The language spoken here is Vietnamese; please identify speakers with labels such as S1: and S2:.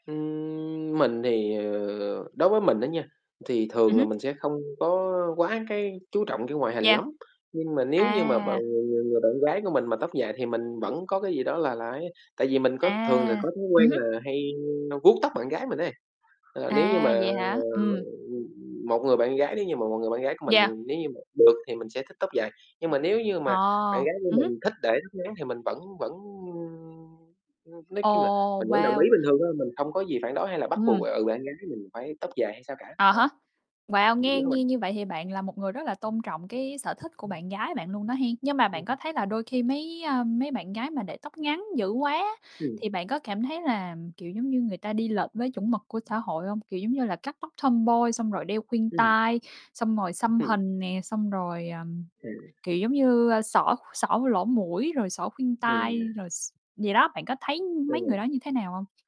S1: Ừm, mình thì, ờ đối với mình á nha thì
S2: Ừm
S1: thường là
S2: hứm.
S1: mình sẽ không có quá cái chú trọng cái ngoại hình
S2: Yeah.
S1: lắm. Nhưng mà nếu như mà b
S2: À!
S1: người người người bạn gái của mình mà tóc dài thì mình vẫn có cái gì đó là là ấy, tại vì mình có thường là
S2: À,
S1: có thói quen
S2: ừm hứm.
S1: là hay n vuốt tóc bạn gái mình ấy. Ờ, nếu như mà,
S2: À,
S1: ờ,
S2: vậy hả? Ừm.
S1: ừm, ừm, một người bạn gái nếu như mà một người bạn gái của mình thì
S2: Yeah.
S1: nếu như mà được thì mình sẽ thích tóc dài. Nhưng mà nếu như
S2: Ờ,
S1: mà bạn gái của
S2: ừm hứm.
S1: mình thích để tóc ngắn thì mình vẫn vẫn, ưm, ưm, nói chung là
S2: Ồ,
S1: mình vẫn đồng
S2: wow!
S1: ý bình thường thôi, mình không có gì phản đối hay là bắt buộc,
S2: Ừm.
S1: ừ, bạn gái mình phải tóc dài hay sao cả,
S2: À
S1: ờ.
S2: há, wow!
S1: Nghĩ
S2: Nghe
S1: vậy đó bạn.
S2: nghe như vậy thì bạn là một người rất là tôn trọng cái sở thích của
S1: Ừm.
S2: bạn gái bạn luôn đó hén. Nhưng mà bạn
S1: Ừm.
S2: có thấy là đôi khi mấy, ờm, mấy bạn gái mà để tóc ngắn dữ quá,
S1: Ừm.
S2: thì bạn có cảm thấy là, kiểu giống như, người ta đi lệch với chuẩn mực của xã hội hông? Kiểu giống như là cắt tóc tomboy, xong rồi đeo khuyên
S1: Ừm.
S2: tai, xong rồi xăm
S1: Ừm
S2: hình nè, xong rồi, ờm,
S1: À.
S2: kiểu giống như, a, xỏ xỏ cái lỗ mũi rồi xỏ khuyên tai
S1: À.
S2: rồi x vậy đó. Bạn có thấy mấy người
S1: Ừ.
S2: đó như thế nào hông?